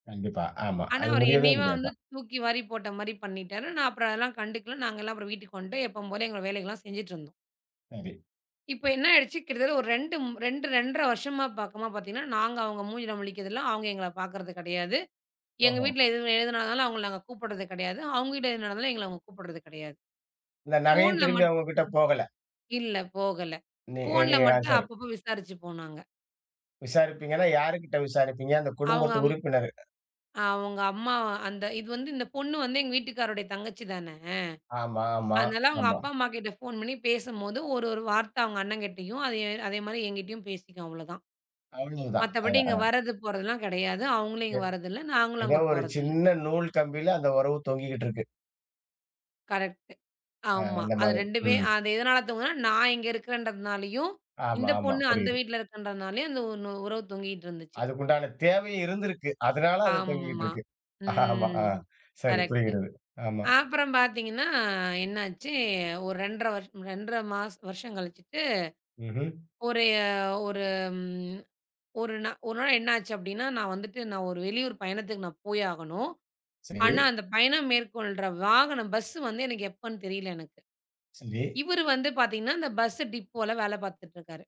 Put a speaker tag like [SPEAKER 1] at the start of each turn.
[SPEAKER 1] கண்டிப்பா. ஆமா.
[SPEAKER 2] ஆனா
[SPEAKER 1] அது
[SPEAKER 2] அவர்
[SPEAKER 1] முடியவே
[SPEAKER 2] என்னையும் வந்து
[SPEAKER 1] முடியாதான்.
[SPEAKER 2] தூக்கி வாரி போட்ட மாரி பண்ணிட்டாரு. நான் அதெல்லாம் கண்டுக்கல. நாங்கல்லாம் வீட்டுக்கு வந்துட்டோம் எப்பவும் போல, எங்களோட வேலைகள்லாம் செஞ்சிட்டு இருந்தோம்.
[SPEAKER 1] சரி.
[SPEAKER 2] இப்ப என்ன ஆயிடுச்சு? கிட்டத்தட்ட ஒரு 2 ம் 2 2 1/2 வருஷமா பார்க்குமா பாத்தீங்கன்னா, நாங்க அவங்க மூஞ்சில முழிக்கறது இல்ல, அவங்க எங்கள பாக்குறது கிடையாது. எங்க
[SPEAKER 1] ஓஹோ!
[SPEAKER 2] வீட்டுல எது எதுனாலும் அவங்கள நாங்க கூப்பிடறது கிடையாது. அவுங்க வீட்ல எது நடந்தாலும் எங்கள அவங்க கூப்பிடறது கிடையாது.
[SPEAKER 1] இந்த நகையும்
[SPEAKER 2] ஃபோன்ல
[SPEAKER 1] திரும்பி
[SPEAKER 2] மட்
[SPEAKER 1] அவுங்ககிட்ட போகலை.
[SPEAKER 2] இல்ல போகல.
[SPEAKER 1] நீ
[SPEAKER 2] ஃபோன்ல
[SPEAKER 1] நீங்க தான்
[SPEAKER 2] மட்டும்
[SPEAKER 1] சரி.
[SPEAKER 2] அப்பப்போ விசாரிச்சுப்போ நாங்க.
[SPEAKER 1] விசாரிப்பீங்கன்னா, யார்கிட்ட விசாரிப்பீங்க? அந்தக்
[SPEAKER 2] அவங்க
[SPEAKER 1] குடும்பத்து
[SPEAKER 2] அம்
[SPEAKER 1] உறுப்பினர்.
[SPEAKER 2] அவங்க அம்மா அந்த இது வந்து இந்தப் பொண்ணு வந்து எங்க வீட்டுக்காரருடைய தங்கச்சி தான.
[SPEAKER 1] ஆமா ஆமா
[SPEAKER 2] அதனால அவங்க
[SPEAKER 1] ஆமா.
[SPEAKER 2] அப்பா, அம்மா கிட்ட போன் பண்ணி பேசும்போது ஒரு ஒரு வார்த்த அவங்க அண்ணன் கிட்டயும், அதே அதே மாரி என்கிட்டயும் பேசிக்கும் அவ்ளோ தான்.
[SPEAKER 1] அவ்வளவுதான். அ
[SPEAKER 2] மத்தபடி
[SPEAKER 1] அ.
[SPEAKER 2] இங்க வர்றது, போறதுலாம் கிடையாது. அவங்க இங்க
[SPEAKER 1] [unintelligible]
[SPEAKER 2] வர்றது இல்ல. நாங்களும்
[SPEAKER 1] ஏதோ
[SPEAKER 2] அங்க
[SPEAKER 1] ஒரு
[SPEAKER 2] போறது இல்ல.
[SPEAKER 1] சின்ன நூல் கம்பியில அந்த உறவு தொங்கிக்கிட்டு இருக்கு.
[SPEAKER 2] கரக்ட்டு.
[SPEAKER 1] அ
[SPEAKER 2] ஆமா.
[SPEAKER 1] அந்த
[SPEAKER 2] அது
[SPEAKER 1] மாதிரி.
[SPEAKER 2] 2 பே
[SPEAKER 1] ம்.
[SPEAKER 2] அது எதனால [unintelligible] நான் இங்க இருக்கிறன்றதுனாலயும்,
[SPEAKER 1] ஆமா
[SPEAKER 2] இந்தப்
[SPEAKER 1] ஆமா
[SPEAKER 2] பொண்ணு அந்த
[SPEAKER 1] புரியுது.
[SPEAKER 2] வீட்டுல இருக்கறதுனாலயும் அந்த ஒண்ணு உறவு தொங்கிக்கிட்டு இருந்துச்சு.
[SPEAKER 1] அதுக்குண்டான தேவையும் இருந்திருக்கு. அதனால அது தொங்கிக்கிட்டு
[SPEAKER 2] ஆம்மா.
[SPEAKER 1] இருக்கு. ஆமா.
[SPEAKER 2] ம்.
[SPEAKER 1] சரி
[SPEAKER 2] கரக்ட்டு.
[SPEAKER 1] புரியுதுகிறது. ஆமா.
[SPEAKER 2] அப்புறம் பாத்தீங்கன்னா என்னாச்சு? ஒரு 2 1/2 வருஷம் 2 1/2 மாச வருஷம் கழிச்சுட்டு,
[SPEAKER 1] ம்ஹூம்.
[SPEAKER 2] ஒரு அ ஒரு ம் ஒரு ஒரு நாள் என்ன ஆச்சு அப்படின்னா, நான் வந்துட்டு நான் ஒரு வெளியூர் பயணத்துக்குப் நா போய் ஆகணும்.
[SPEAKER 1] சரி.
[SPEAKER 2] ஆனா அந்த பயணம் மேற்கொள்ற வாகனம், பஸ் வந்து எனக்கு எப்பன்னு தெரியல எனக்கு.
[SPEAKER 1] சரி.
[SPEAKER 2] இவரு வந்து பாத்தீங்கன்னா, அந்த பஸ் டிப்போல வேலை பாத்துட்டு இருக்காரு.